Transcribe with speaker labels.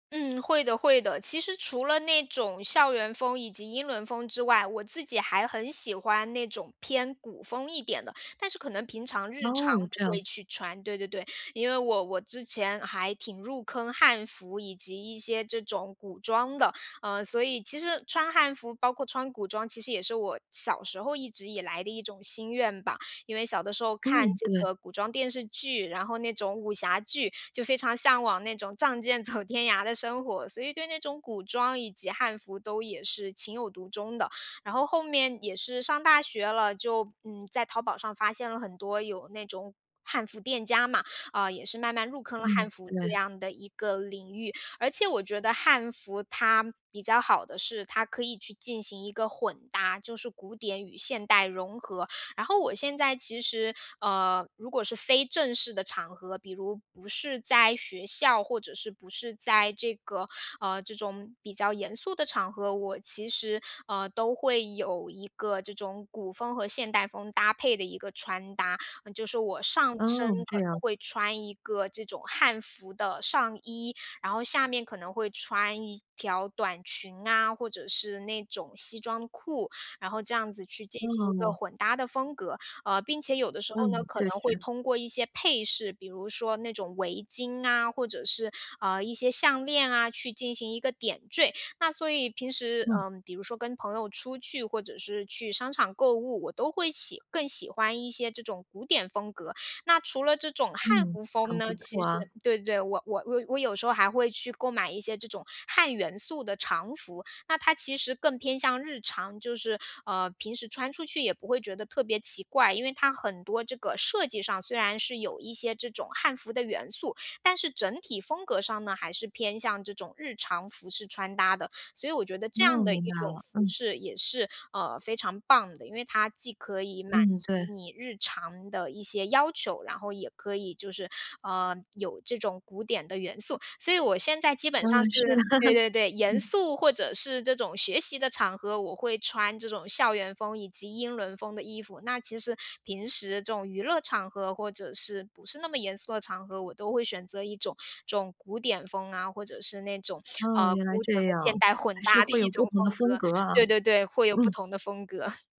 Speaker 1: 嗯，会的会的。其实除了那种校园风以及英伦风之外，我自己还很喜欢那种偏古风一点的，但是可能平常日常
Speaker 2: 哦，
Speaker 1: 不
Speaker 2: 这
Speaker 1: 会
Speaker 2: 样。
Speaker 1: 去穿，对对对。因为我我之前还挺入坑汉服，以及一些这种古装的。嗯，所以其实穿汉服，包括穿古装，其实也是我小时候一直以来的一种心愿吧。因为小的时候看
Speaker 2: 嗯，
Speaker 1: 这
Speaker 2: 对。
Speaker 1: 个古装电视剧，然后那种武侠剧，就非常向往那种仗剑走天涯的生活，所以对那种古装以及汉服都也是情有独钟的。然后后面也是上大学了，就，嗯，在淘宝上发现了很多有那种汉服店家嘛，啊，也是慢慢入坑了汉
Speaker 2: 嗯，
Speaker 1: 服这
Speaker 2: 对。
Speaker 1: 样的一个领域。而且我觉得汉服它比较好的是它可以去进行一个混搭，就是古典与现代融合。然后我现在其实，呃，如果是非正式的场合，比如不是在学校，或者是不是在这个，呃，这种比较严肃的场合，我其实，呃，都会有一个这种古风和现代风搭配的一个穿搭。嗯，就是我上身
Speaker 2: 哦，
Speaker 1: 可
Speaker 2: 这
Speaker 1: 能
Speaker 2: 样。
Speaker 1: 会穿一个这种汉服的上衣，然后下面可能会穿一条短裙啊，或者是那种西装裤，然后这样子去进行一个
Speaker 2: 哦。
Speaker 1: 混搭的风格。呃，并且有的时候呢
Speaker 2: 嗯，
Speaker 1: 可
Speaker 2: 确
Speaker 1: 能会
Speaker 2: 实。
Speaker 1: 通过一些配饰，比如说那种围巾啊，或者是，嗯，一些项链啊，去进行一个点缀。那所以平时，
Speaker 2: 嗯。
Speaker 1: 嗯，比如说跟朋友出去或者是去商场购物，我都会喜更喜欢一些这种古典风格。那除了这种汉
Speaker 2: 嗯，
Speaker 1: 服风
Speaker 2: 很不
Speaker 1: 呢，其
Speaker 2: 错
Speaker 1: 实
Speaker 2: 啊。
Speaker 1: 对对对，我我我我有那有时候还会去购买一些这种汉元素的常服。那它其实更偏向日常，就是，呃，平时穿出去也不会觉得特别奇怪。因为它很多这个设计上，虽然是有一些这种汉服的元素，但是整体风格上呢还是偏向这种日常服饰穿搭的。所以我觉得这
Speaker 2: 哦，
Speaker 1: 样的
Speaker 2: 明
Speaker 1: 一
Speaker 2: 白
Speaker 1: 种
Speaker 2: 了，
Speaker 1: 服
Speaker 2: 嗯。
Speaker 1: 饰也是，呃，非常棒的。因为它既可以满
Speaker 2: 嗯，对。
Speaker 1: 足你日常的一些要求，然后也可以就是，啊，有这种古典的元素。所以我现在基本
Speaker 2: 嗯，
Speaker 1: 上是
Speaker 2: 是的，
Speaker 1: 对对对，严
Speaker 2: 嗯。
Speaker 1: 肃或者是这种学习的场合，我会穿这种校园风以及英伦风的衣服。那其实平时这种娱乐场合或者是不是那么严肃的场合，我都会选择一种这种古典风啊，或者是那种，啊，
Speaker 2: 哦，原来
Speaker 1: 古典
Speaker 2: 这
Speaker 1: 和现
Speaker 2: 样，
Speaker 1: 代混
Speaker 2: 还是
Speaker 1: 搭的
Speaker 2: 会
Speaker 1: 一
Speaker 2: 有
Speaker 1: 种
Speaker 2: 不同
Speaker 1: 风
Speaker 2: 的风
Speaker 1: 格。
Speaker 2: 格啊，
Speaker 1: 对对对，会有不
Speaker 2: 嗯。
Speaker 1: 同的风格。